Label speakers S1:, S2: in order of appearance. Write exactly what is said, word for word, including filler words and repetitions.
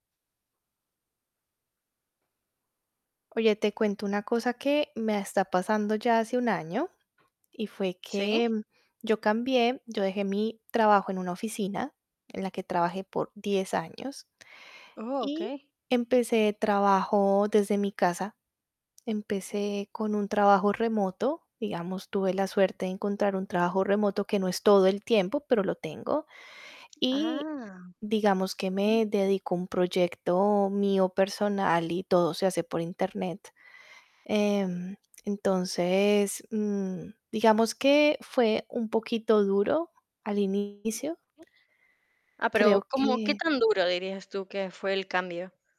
S1: Oye, te cuento una cosa, que me está pasando, ya hace un año, y fue que
S2: Sí.
S1: yo cambié, yo dejé mi trabajo, en una oficina en la que trabajé por diez años,
S2: Oh,
S1: y
S2: okey.
S1: empecé trabajo desde mi casa. Empecé con un trabajo remoto, digamos, tuve la suerte de encontrar un trabajo remoto, que no es todo el tiempo, pero lo tengo. Y
S2: ¡Ah!
S1: digamos, que
S2: Bien.
S1: me dedico a un proyecto mío personal, y todo se hace por Internet. Em, entonces, mm, digamos, que fue un poquito duro al inicio.
S2: Ah, pero,
S1: Creo
S2: ¿cómo? ¿Qué
S1: que
S2: tan duro, dirías tú, que fue el cambio?